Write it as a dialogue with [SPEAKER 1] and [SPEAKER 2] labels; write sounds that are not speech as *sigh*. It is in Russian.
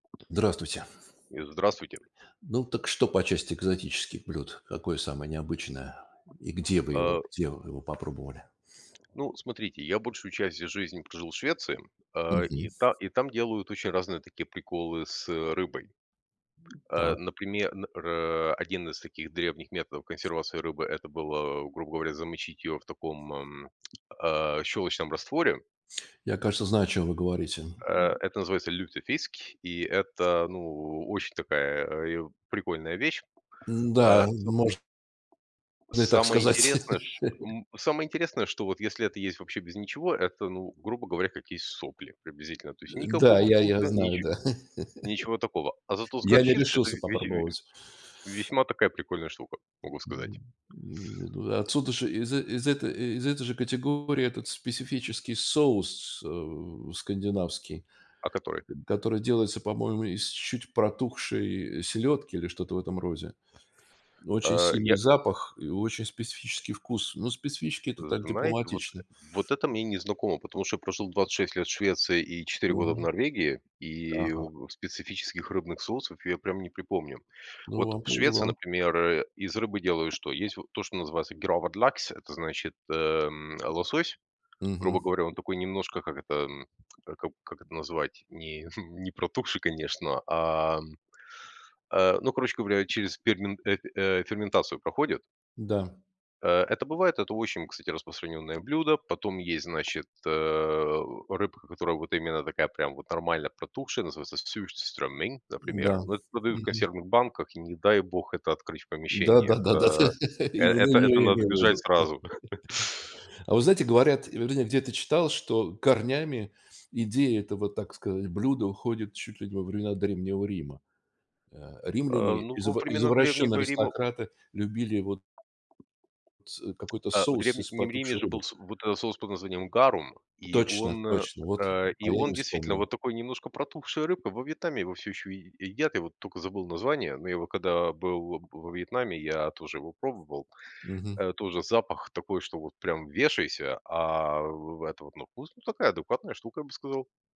[SPEAKER 1] Здравствуйте!
[SPEAKER 2] И здравствуйте.
[SPEAKER 1] Ну, так что, по части экзотических блюд? Какое самое необычное? И где вы его
[SPEAKER 2] А.
[SPEAKER 1] где вы его попробовали?
[SPEAKER 2] Ну, смотрите, я большую часть из жизни прожил в Швеции, а, и
[SPEAKER 1] Мгм.
[SPEAKER 2] та и там, делают очень разные такие приколы с, э, рыбой. А,
[SPEAKER 1] Так.
[SPEAKER 2] наприме н рэ один из таких древних методов консервации рыбы- это было, грубо говоря, замочить её, в таком, ам, а щелочном растворе.
[SPEAKER 1] Я, кажется, знаю, о чём вы говорите.
[SPEAKER 2] Э это называется lutefisk. И это, ну, очень такая, э, а, и оп прикольная вещь. А,
[SPEAKER 1] М-да, м,
[SPEAKER 2] соб
[SPEAKER 1] мож но и, так
[SPEAKER 2] Самое
[SPEAKER 1] сказать.
[SPEAKER 2] интересное, ш
[SPEAKER 1] *laughs*
[SPEAKER 2] м самое интересное, что вот если это есть вообще без ничего, это, ну, грубо говоря, как есть сопли,
[SPEAKER 1] Э,
[SPEAKER 2] приблизительно. То есть,
[SPEAKER 1] да,
[SPEAKER 2] никакого
[SPEAKER 1] я я
[SPEAKER 2] вкуса,
[SPEAKER 1] знаю,
[SPEAKER 2] ниче
[SPEAKER 1] да.
[SPEAKER 2] ничего такого. А
[SPEAKER 1] *chuckles*
[SPEAKER 2] зато с
[SPEAKER 1] Я не
[SPEAKER 2] горчицей, это
[SPEAKER 1] решился
[SPEAKER 2] ве весь ю ю
[SPEAKER 1] попробовать.
[SPEAKER 2] весьма такая прикольная штука, могу сказать.
[SPEAKER 1] Мгм. М, не туда отсюда ж из э, из этой э, из этой же категории, этот специфический соус, э, скандинавский,
[SPEAKER 2] О которой?
[SPEAKER 1] э, который делается, по-моему, из чуть протухшей селедки, или что-то в этом розе. Очень
[SPEAKER 2] Э,
[SPEAKER 1] сильный
[SPEAKER 2] я
[SPEAKER 1] запах и очень специфический вкус. Но специфический-
[SPEAKER 2] Э,
[SPEAKER 1] это так
[SPEAKER 2] знаете, вот, э,
[SPEAKER 1] дипломатично.
[SPEAKER 2] вот это мне не знакомо, потому что я прожил 26 лет в Швеции и 4 года в
[SPEAKER 1] Мгм.
[SPEAKER 2] Норвегии, и,
[SPEAKER 1] Ага.
[SPEAKER 2] в, специфических рыбных соусов я прям не припомню.
[SPEAKER 1] Ну,
[SPEAKER 2] Вот
[SPEAKER 1] вам
[SPEAKER 2] в Швеции
[SPEAKER 1] повезло.
[SPEAKER 2] например, э, из рыбы делают что? Есть, вот то, что называется gravad lax это значит, эм, лосось. Грубо
[SPEAKER 1] Мгм.
[SPEAKER 2] говоря, он такой немножко, как это т эм. А кап как это назвать? Не, *chuckles* не протухший, конечно, а, м, а ну, короче говоря, через пегмен эт э, ферментацию проходит.
[SPEAKER 1] Да.
[SPEAKER 2] Э это бывает, это очень, кстати, распространённое блюдо. Потом есть, значит, э, о, рыбка, которая, вот именно такая, прям, вот, нормально протухшая, называется surströmming, например.
[SPEAKER 1] М-да.
[SPEAKER 2] Но это продают в
[SPEAKER 1] Мгм.
[SPEAKER 2] консервных банках, и не дай бог, это открыть в
[SPEAKER 1] Да
[SPEAKER 2] помещении.
[SPEAKER 1] да да да
[SPEAKER 2] Это,
[SPEAKER 1] да,
[SPEAKER 2] э,
[SPEAKER 1] именно
[SPEAKER 2] это это
[SPEAKER 1] её я
[SPEAKER 2] надо
[SPEAKER 1] имел в
[SPEAKER 2] бежать
[SPEAKER 1] виду. *laughs*
[SPEAKER 2] сразу! *chuckles*
[SPEAKER 1] А вы знаете, говорят, или вроде я где-то читал, что корнями идея этого, так сказать, блюда, уходит чуть ли, не во времена Древнего Рима. А,
[SPEAKER 2] А,
[SPEAKER 1] римляне,
[SPEAKER 2] ну, во
[SPEAKER 1] изва
[SPEAKER 2] времена
[SPEAKER 1] извращенные
[SPEAKER 2] Древнего Рима
[SPEAKER 1] аристократы, любили вот с э, какой-то
[SPEAKER 2] а в
[SPEAKER 1] соус из
[SPEAKER 2] Древнем Риме,
[SPEAKER 1] потухшей
[SPEAKER 2] же,
[SPEAKER 1] рыбы.
[SPEAKER 2] был с вот э соус под названием "гарум", и
[SPEAKER 1] Точно
[SPEAKER 2] он,
[SPEAKER 1] точно! Вот, э,
[SPEAKER 2] э, и
[SPEAKER 1] а я и
[SPEAKER 2] он,
[SPEAKER 1] не
[SPEAKER 2] действительно, вот
[SPEAKER 1] вспомнил.
[SPEAKER 2] такой, немножко протухшей рыбы, во Вьетнаме его всё еще е е едят. Я вот тока забыл название, но его когда был во во Вьетнаме, я тоже его пробовал.
[SPEAKER 1] Мгм.
[SPEAKER 2] Э, тоже запах такой, что, вот, прям вешайся. А вы в это вот ну вкус, ну такая, адекватная штука, я бы сказал.